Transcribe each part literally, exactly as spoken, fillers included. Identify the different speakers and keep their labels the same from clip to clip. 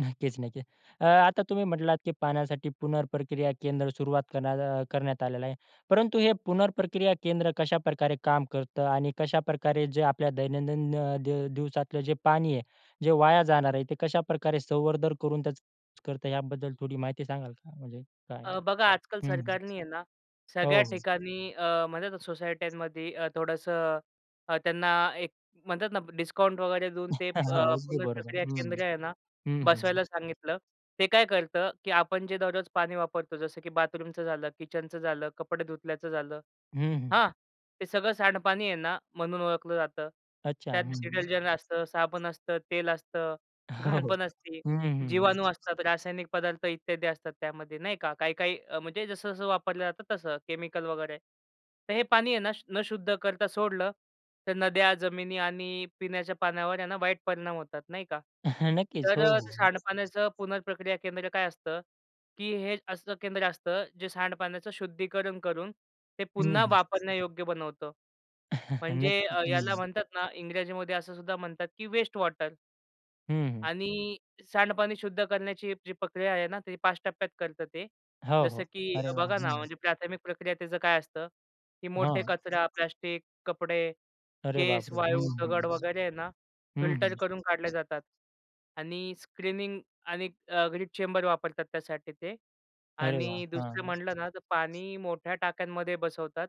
Speaker 1: नक्कीच, नक्कीच. अ, आता तुम्ही म्हटलात की पाण्यासाठी पुनर्प्रक्रिया केंद्र सुरुवात करण्यात करण्यात आलेला आहे. परंतु हे पुनर्प्रक्रिया केंद्र कशाप्रकारे काम करतं आणि कशाप्रकारे जे आपल्या दैनंदिन अ, दिव दिवसातलं जे पाणी आहे, जे वाया जाणार आहे, ते कशाप्रकारे संवर्धन करून त्याचा युस करतो याबद्दल थोडी माहिती सांगाल का? म्हणजे काय आहे?
Speaker 2: अ, बघा आजकाल
Speaker 1: हं.
Speaker 2: सरकार नी आहे ना
Speaker 1: हो,
Speaker 2: सगळ्या
Speaker 1: हो.
Speaker 2: ठिकाणी अ, म्हणतात ना सोसायट्यांमध्ये अ, थोडंसं त्यांना एक म्हणतात ना डिस्काउंट वगैरे देऊन
Speaker 1: हो.
Speaker 2: ते अ,
Speaker 1: अगदी बरोबर.
Speaker 2: पुनर्प्रक्रिया
Speaker 1: हं,
Speaker 2: केंद्र आहे
Speaker 1: हं.
Speaker 2: ना?
Speaker 1: हं, हं.
Speaker 2: बसवायला सांगितलं. ते काय करतं की आपण जे दररोज पाणी वापरतो जसं की बाथरूमचं झालं, किचनचं झालं, कपडे धुतल्याचं झालं,
Speaker 1: हं, हं.
Speaker 2: हां. ते सगळं सांडपाणी आहे ना, म्हणून ओळखलं जातं.
Speaker 1: अच्छा.
Speaker 2: त्यात
Speaker 1: हं, हं.
Speaker 2: डिटर्जंट असतं, साबण असतं, तेल असतं,
Speaker 1: हो,
Speaker 2: घाण
Speaker 1: हो.
Speaker 2: पण असती,
Speaker 1: हं, हं, हं.
Speaker 2: जीवाणू असतात, रासायनिक पदार्थ इत्यादी असतात, त्यामध्ये नाही का? काही-काही म्हणजे जसं-जसं वापरलं जातं, तसं. केमिकल वगैरे. तर हे पाणी आहे ना, न शुद्ध करता सोडलं, तर नद्या, जमिनी आणि पिण्याच्या पाण्यावर आहे ना वाईट परिणाम होतात. नाही का?
Speaker 1: नक्कीच.
Speaker 2: तर
Speaker 1: हो,
Speaker 2: अ,
Speaker 1: हो.
Speaker 2: ते सांडपाण्याचं पुनर्प्रक्रिया केंद्र काय असतं? की हे असं केंद्र असतं जे सांडपाण्याचं शुद्धीकरण करून ते
Speaker 1: हं,
Speaker 2: पुन्हा
Speaker 1: हं.
Speaker 2: वापरण्यायोग्य बनवतं. म्हणजे
Speaker 1: नक्कीच.
Speaker 2: अ, याला
Speaker 1: हं.
Speaker 2: म्हणतात ना इंग्रजीमध्ये असं सुद्धा म्हणतात की वेस्ट वॉटर.
Speaker 1: हं, हं.
Speaker 2: आणि सांडपाणी शुद्ध करण्याची जी पक्रिया आहे ना ती पाच टप्प्यात करतं ते.
Speaker 1: हो,
Speaker 2: जसं
Speaker 1: हो.
Speaker 2: की
Speaker 1: अरे वाह!
Speaker 2: बघा ना
Speaker 1: हं.
Speaker 2: म्हणजे प्राथमिक प्रक्रिया त्याचं काय असतं? की मोठे
Speaker 1: हां.
Speaker 2: कचरा, प्लास्टिक, कपडे,
Speaker 1: अरे
Speaker 2: केस,
Speaker 1: बापरे! हं,
Speaker 2: वाळू,
Speaker 1: हं, हं.
Speaker 2: दगड वगैरे आहे ना
Speaker 1: हं,
Speaker 2: फिल्टर
Speaker 1: हं.
Speaker 2: करून काढल्या जातात. आणि स्क्रीनिंग आणि ग्रीड चेंबर वापरतात त्यासाठी ते.
Speaker 1: अरे वाह!
Speaker 2: आणि दुसरं
Speaker 1: हां.
Speaker 2: म्हटलं ना, तर पाणी मोठ्या टाक्यांमध्ये बसवतात.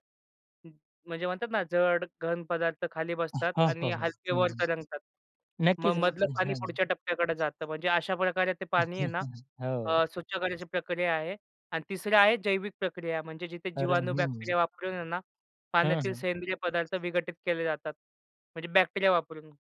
Speaker 2: म्हणजे म्हणतात ना, जड, घन पदार्थ खाली बसतात
Speaker 1: हां. हो,
Speaker 2: आणि
Speaker 1: हो.
Speaker 2: हलके
Speaker 1: हं,
Speaker 2: वर
Speaker 1: हं.
Speaker 2: तरंगतात. मग
Speaker 1: नक्कीच,
Speaker 2: मधलं
Speaker 1: नक्कीच.
Speaker 2: पाणी
Speaker 1: हं.
Speaker 2: पुढच्या टप्प्याकडे जातं. म्हणजे अशा प्रकारे ते पाणी आहे ना
Speaker 1: हो.
Speaker 2: अ, स्वच्छ करायची प्रक्रिया आहे. आणि तिसरी आहे जैविक प्रक्रिया म्हणजे जिथे
Speaker 1: अरे!
Speaker 2: जीवाणू,
Speaker 1: हं.
Speaker 2: बॅक्टेरिया वापरून आहे ना
Speaker 1: हं,
Speaker 2: पाण्यातील
Speaker 1: हं.
Speaker 2: सेंद्रिय पदार्थ विघटित केले जातात. म्हणजे बॅक्टेरिया वापरून.